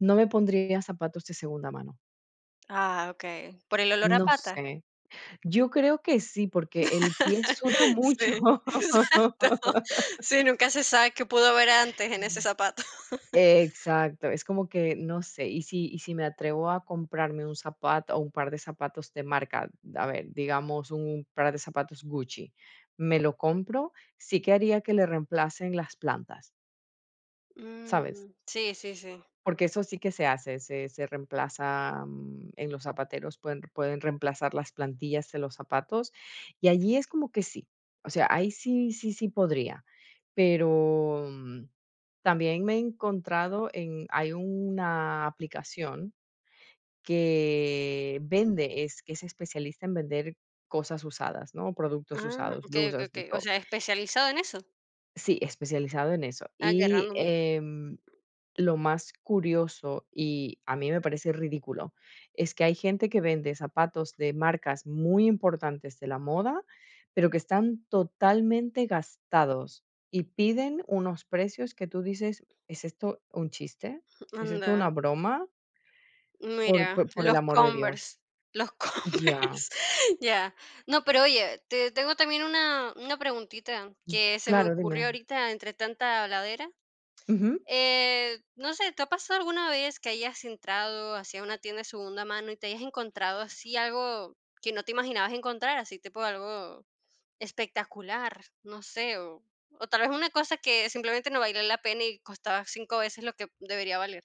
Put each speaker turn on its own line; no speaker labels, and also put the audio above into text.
No me pondría zapatos de segunda mano.
Ah, okey. ¿Por el olor a
No
pata?
sé. Yo creo que sí, porque el pie suda mucho.
Sí, exacto. Sí, nunca se sabe qué pudo haber antes en ese zapato.
Exacto. Es como que, no sé, y si y si me atrevo a comprarme un zapato o un par de zapatos de marca de, a ver, digamos, un par de zapatos Gucci, me lo compro, sí que haría que le reemplacen las plantas. ¿Sabes?
Mm. Sí, sí, sí.
Porque eso sí que se hace, se se reemplaza, mm, en los zapateros, pueden pueden reemplazar las plantillas en los zapatos, y allí es como que sí. O sea, ahí sí, sí, sí podría. Pero, mm, también me he encontrado en hay una aplicación que vende, es que es especialista en vender cosas usadas, ¿no? Productos
Mm,
usados,
okey, okey,
blusas, de
okey, o
todo.
sea, especializado en eso.
Sí, especializado en eso.
Ah, qué
Y,
random.
em, lo más curioso, y a mí me parece ridículo, es que hay gente que vende zapatos de marcas muy importantes de la moda, pero que están totalmente gastados y piden unos precios que tú dices: "¿Es esto un chiste?
Mm,
¿Es esto
anda.
una broma?". Por
Mira,
por por el
los
amor de Dios.
Converse, los
Ya.
Converse. Ya. No, pero oye, te tengo también una una preguntita
Mm,
que se me
claro,
ocurrió
dime.
ahorita entre tanta habladera.
Ujú.
Eh, no sé, ¿te ha pasado alguna vez que hayas entrado así a una tienda de segunda mano y te hayas encontrado así algo que no te imaginabas encontrar, así tipo algo espectacular, no sé, o tal vez una cosa que simplemente no valía la pena y costaba 5 veces lo que debería valer.